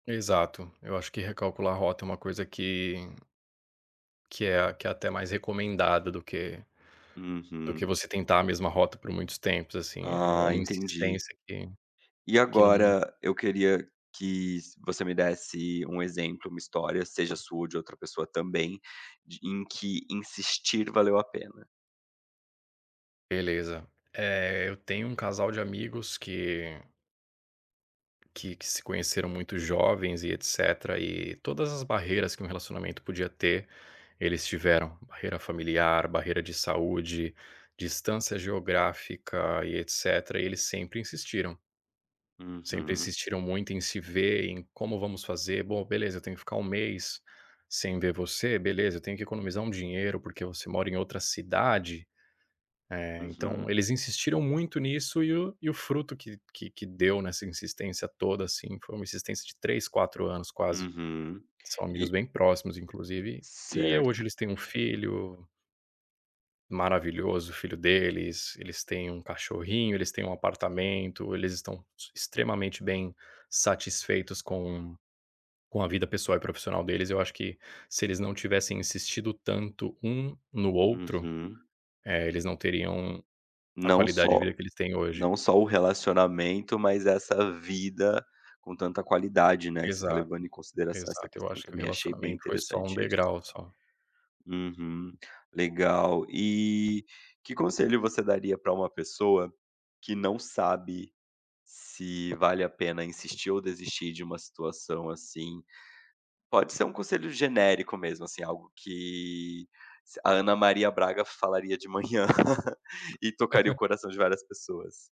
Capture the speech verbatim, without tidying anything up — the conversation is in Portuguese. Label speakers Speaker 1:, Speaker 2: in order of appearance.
Speaker 1: Exato. Eu acho que recalcular rota é uma coisa que que é a que é até mais recomendada do que do que
Speaker 2: Uhum.
Speaker 1: você tentar a mesma rota por muitos tempo. Assim, é
Speaker 2: Ah,
Speaker 1: uma
Speaker 2: entendi.
Speaker 1: insistência que
Speaker 2: E
Speaker 1: que não
Speaker 2: agora, eu queria que s você me desse um exemplo, uma história, seja sua ou de outra pessoa também, de em que insistir valeu a pena.
Speaker 1: Beleza. Eh, eu tenho um casal de amigos que que que se conheceram muito jovens e etcétera. E todas as barreiras que um relacionamento podia ter, eles tiveram, barreira familiar, barreira de saúde, distância geográfica e etcétera. E eles sempre insistiram. Sempre
Speaker 2: Uhum.
Speaker 1: insistiram muito em se ver, em: "Como vamos fazer? Bom, beleza. Tenho que ficar um mês sem ver você? Beleza, eu tenho que economizar um dinheiro porque você mora em outra cidade". Eh, então
Speaker 2: Uhum.
Speaker 1: eles insistiram muito nisso e o e o fruto que que que deu nessa insistência toda, assim, foi uma insistência de três, quatro anos quase.
Speaker 2: Uhum.
Speaker 1: São amigos
Speaker 2: E
Speaker 1: bem próximos, inclusive, e, eh, hoje
Speaker 2: Certo.
Speaker 1: eles têm um filho. Maravilhoso o filho deles. Eles têm um cachorrinho, eles têm um apartamento, eles estão ex extremamente bem, satisfeitos com com a vida pessoal e profissional deles. Eu acho que, se eles não tivessem insistido tanto um no outro,
Speaker 2: Uhum.
Speaker 1: eh, eles não teriam a
Speaker 2: Não
Speaker 1: qualidade de
Speaker 2: só
Speaker 1: vida que eles têm hoje.
Speaker 2: Não só o relacionamento, mas essa vida com tanta qualidade, né, que você está levando
Speaker 1: Exato,
Speaker 2: em consideração essa
Speaker 1: exato. Eu
Speaker 2: questão
Speaker 1: acho que o
Speaker 2: também. Achei bem
Speaker 1: relacionamento foi só um
Speaker 2: interessante isso.
Speaker 1: degrau, só.
Speaker 2: Uhum. Legal. E que conselho você daria pra uma pessoa que não sabe se vale a pena insistir ou desistir de uma situação assim? Pode ser um conselho genérico mesmo, assim, algo que se a Ana Maria Braga falaria de manhã, e tocaria o coração de várias pessoas?